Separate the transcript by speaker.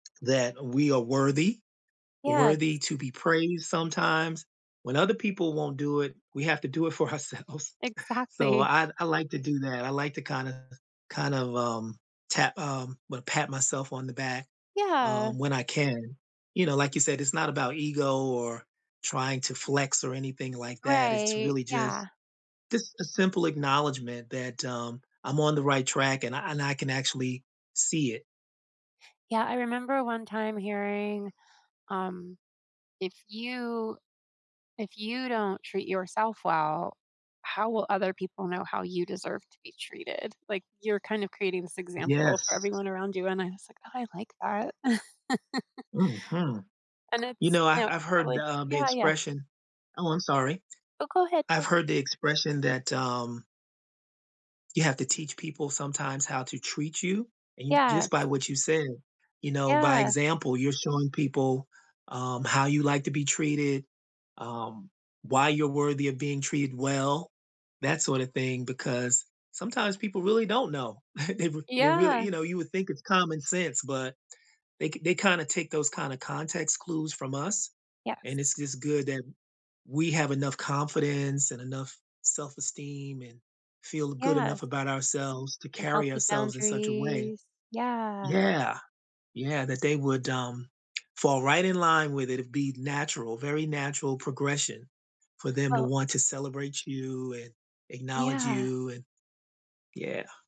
Speaker 1: That we are worthy.
Speaker 2: Yes.
Speaker 1: Worthy to be praised sometimes. When other people won't do it, we have to do it for ourselves. So,
Speaker 2: Exactly.
Speaker 1: I d I like to do that, I like to kind of kind of, um, tap um, well, pat myself on the back,
Speaker 2: Yeah.
Speaker 1: um, when I can. You know, like you said, it's not about ego, or trying to flex, or anything like that, it's
Speaker 2: Right,
Speaker 1: really just
Speaker 2: yeah.
Speaker 1: just a simple acknowledgement that, um, I'm on the right track and I and I can, actually, see it.
Speaker 2: Yeah, I remember one time hearing, um, "If you if you don't treat yourself well, how will other people know how you deserve to be treated?" Like, you're kind of creating this example for
Speaker 1: Yes.
Speaker 2: everyone around you and I was like, "Oh, I like that."
Speaker 1: Mhm.
Speaker 2: And
Speaker 1: You
Speaker 2: it's,
Speaker 1: know,
Speaker 2: you
Speaker 1: I've
Speaker 2: know,
Speaker 1: I've heard the,
Speaker 2: probably
Speaker 1: um the
Speaker 2: Yeah, yeah.
Speaker 1: expression Oh, I'm sorry.
Speaker 2: Oh, go ahead,
Speaker 1: I've
Speaker 2: no.
Speaker 1: heard the expression that, um "You have to teach people sometimes how to treat you," and, just by
Speaker 2: Yes.
Speaker 1: what you said, you know, by
Speaker 2: Yeah.
Speaker 1: example, you're showing people, um, how you like to be treated, um, why you're worthy of being treated well, that sort of thing, because sometimes people really don't know. They r they really
Speaker 2: Yeah.
Speaker 1: you know? You would think it's common sense, but they k they kinda take those kinda context clues from us. And
Speaker 2: Yes.
Speaker 1: it's just good that we have enough confidence, and enough self-esteem, and feel good enough
Speaker 2: Yes.
Speaker 1: about ourselves to
Speaker 2: And
Speaker 1: carry
Speaker 2: healthy
Speaker 1: ourselves in such a way.
Speaker 2: boundaries, yeah.
Speaker 1: Yeah. Yeah, that they would, um, fall right in line with it, it'd be natural, very natural progression for them to
Speaker 2: Well
Speaker 1: want to celebrate you, and acknowledge
Speaker 2: Yeah.
Speaker 1: you, and Yeah.